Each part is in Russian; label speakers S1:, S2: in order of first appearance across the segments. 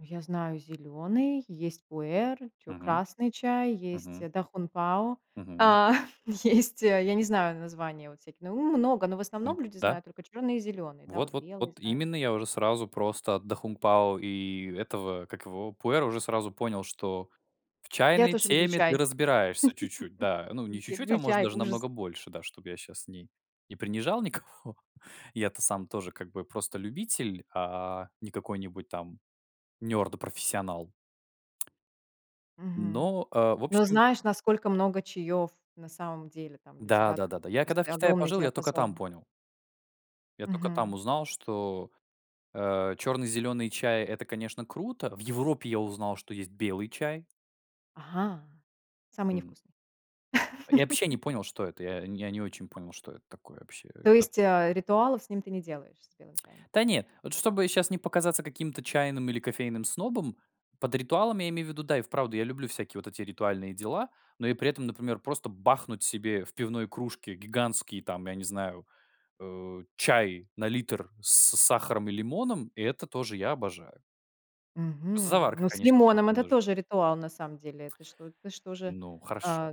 S1: Я знаю зелёный, есть "Пуэр", чё
S2: Мгм.
S1: красный чай, есть
S2: Мгм.
S1: "Да Хун Пао",
S2: Мгм.
S1: э, есть, я не знаю названия вот всякие, ну много, но в
S2: М,
S1: основном люди
S2: да.
S1: знают только чёрный и зелёный, да,
S2: Вот
S1: вот
S2: вот
S1: белый
S2: вот
S1: знают.
S2: именно. Я уже сразу просто "Да Хун Пао" и этого, как его "Пуэра" уже сразу понял, что в
S1: Я
S2: чайной
S1: тоже люблю
S2: теме ты
S1: чай.
S2: разбираешься чуть-чуть, да. Не чуть-чуть, а
S1: Люблю
S2: может
S1: чай,
S2: даже
S1: ужас.
S2: намного больше, да, чтоб я щас не не принижал никого. Я-то сам тоже как бы просто любитель, а не какой-нибудь там nerd профессионал.
S1: Мгм.
S2: Но, э, в
S1: Но
S2: общем
S1: знаешь, насколько много чаёв на самом деле там для
S2: Да,
S1: тебя открыть?
S2: да-да-да. Я когда в
S1: Просто
S2: Китае
S1: огромный
S2: пожил, я только там
S1: диапазон.
S2: понял. Я только там
S1: Мгм.
S2: узнал, что, э, черный, зеленый чай- это, конечно, круто. В Европе я узнал, есть белый чай.
S1: Ага, самый
S2: М.
S1: невкусный.
S2: Я вообще не понял, что это. Я не я не очень понял, что это такое вообще,
S1: То
S2: а
S1: есть, э, ритуалов с ним ты не делаешь, с белым чаем?
S2: Да не, вот чтобы сейчас не показаться каким-то чайным или кофейным снобом, под ритуалом я имею в виду, да, и вправду я люблю всякие вот эти ритуальные дела, но и при этом, например, просто бахнуть себе в пивной кружке гигантский, там, я не знаю, э, чай на литр с сахаром и лимоном. И это тоже я обожаю. Просто
S1: Мгм,
S2: заварка,
S1: ну с
S2: конечно, будет
S1: лимоном это
S2: немнож
S1: тоже ритуал, на самом деле. Это что? Это что же,
S2: Ну, хорошо.
S1: э,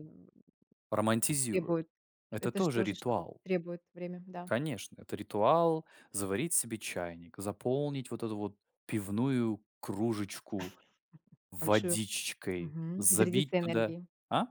S2: Романтизирую.
S1: требует
S2: Это
S1: это
S2: тоже
S1: тоже что-то
S2: ритуал!
S1: требует время, да.
S2: Конечно, это ритуал- заварить себе чайник, заполнить вот эту вот пивную кружечку
S1: Большую.
S2: водичкой,
S1: Мгм.
S2: забить
S1: Зарядиться
S2: туда
S1: энергией.
S2: А?